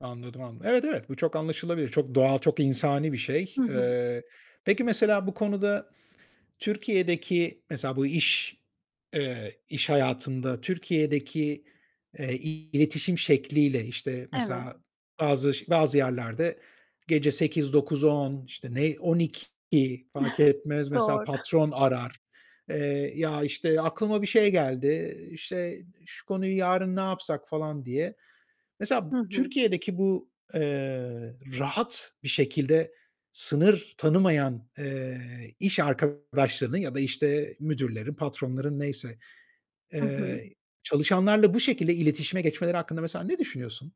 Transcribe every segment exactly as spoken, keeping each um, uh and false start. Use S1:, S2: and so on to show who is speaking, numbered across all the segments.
S1: Anladım, anladım. Evet, evet, bu çok anlaşılabilir. Çok doğal, çok insani bir şey.
S2: Hı hı.
S1: Eee, peki, mesela bu konuda Türkiye'deki mesela bu iş eee, iş hayatında Türkiye'deki, eee, iletişim şekliyle, işte,
S2: Evet.
S1: mesela bazı ş bazı yerlerde gece sekiz dokuz on, işte, ne on iki, fark etmez, mesela
S2: Doğru.
S1: patron arar. Eee, ya, işte, "Aklıma bir şey geldi, işte, şu konuyu yarın ne yapsak?" falan diye. Mesela
S2: Hı hı.
S1: Türkiye'deki bu, eee, rahat bir şekilde sınır tanımayan, eee, iş arkadaşlarını ya da, işte, müdürlerin, patronların neyse,
S2: Hı hı.
S1: eee, çalışanlarla bu şekilde iletişime geçmeleri hakkında mesela ne düşünüyorsun?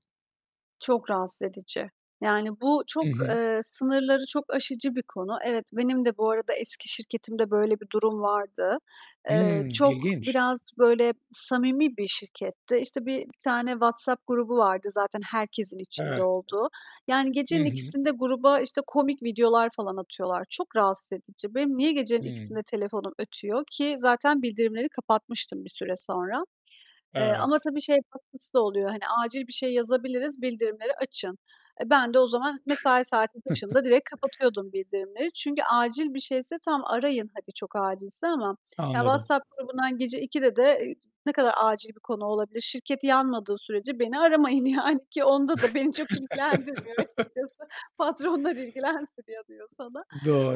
S2: Çok rahatsız edici. Yani bu
S1: Hı
S2: çok,
S1: hı.
S2: eee, sınırları çok aşıcı bir konu. Evet, benim de bu arada eski şirketimde böyle bir durum vardı. Eee,
S1: Hımm.
S2: çok
S1: İlginç.
S2: biraz böyle samimi bir şirketti. İşte, bi bir tane WhatsApp grubu vardı zaten herkesin içinde
S1: Evet.
S2: olduğu. Yani
S1: Hı
S2: gecenin
S1: hı.
S2: ikisinde gruba, işte, komik videolar falan atıyorlar. Çok rahatsız edici. Benim niye gecenin
S1: Hı.
S2: ikisinde telefonum ötüyor ki zaten bildirimleri kapatmıştım bir süre sonra, eee, ama
S1: Evet.
S2: tabii şey katkısı da oluyor, hani, acil bir şey yazabiliriz, bildirimleri açın. Eee, ben de o zaman mesai saatim dışında direkt kapatıyordum bildirimleri. Çünkü acil bir şeyse tamam, arayın, hadi çok acilse ama ya
S1: Anladım.
S2: WhatsApp grubundan gece ikide de, eee, ne kadar acil bir konu olabilir? Şirket yanmadığı sürece beni aramayın yani ki onda da beni çok ilgilendirmiyor açıkçası. Patronlar ilgilensin ya diyor sana.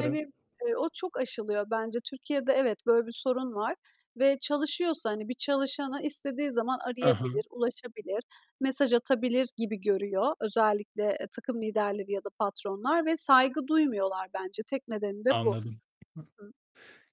S2: Hani, eee, o çok aşılıyor bence. Türkiye'de evet, böyle bir sorun var ve çalışıyorsa, hani, bir çalışanı istediği zaman
S1: I
S2: arayabilir,
S1: hı.
S2: ulaşabilir, mesaj atabilir gibi görüyor. Özellikle, eee, takım liderleri ya da patronlar ve saygı duymuyorlar bence. Tek nedeni de bu.
S1: Anladım.
S2: Hı hı.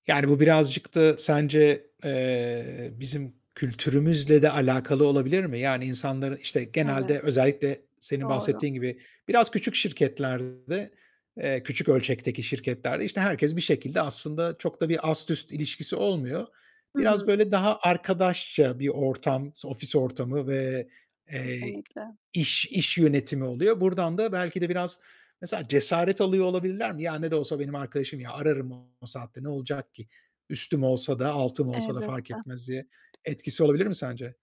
S1: Yani, bu birazcık da sence, eee, bizim kültürümüzle de alakalı olabilir mi? Yani insanların, işte,
S2: Evet.
S1: genelde özellikle senin
S2: Doğru.
S1: bahsettiğin gibi biraz küçük şirketlerde, eee, küçük ölçekteki şirketlerde, işte, herkes bir şekilde aslında çok da bir ast üst ilişkisi olmuyor.
S2: Hı hı.
S1: Biraz böyle daha arkadaşça bir ortam ofis ortamı ve, eee,
S2: Kesinlikle.
S1: iş iş yönetimi oluyor, buradan da belki de biraz mesela cesaret alıyor olabilirler mi? "Ya, ne de olsa benim arkadaşım ya, ararım o saatte ne olacak ki? Üstüm olsa da altım olsa da fark
S2: Elbette.
S1: etmez." diye etkisi olabilir mi sence?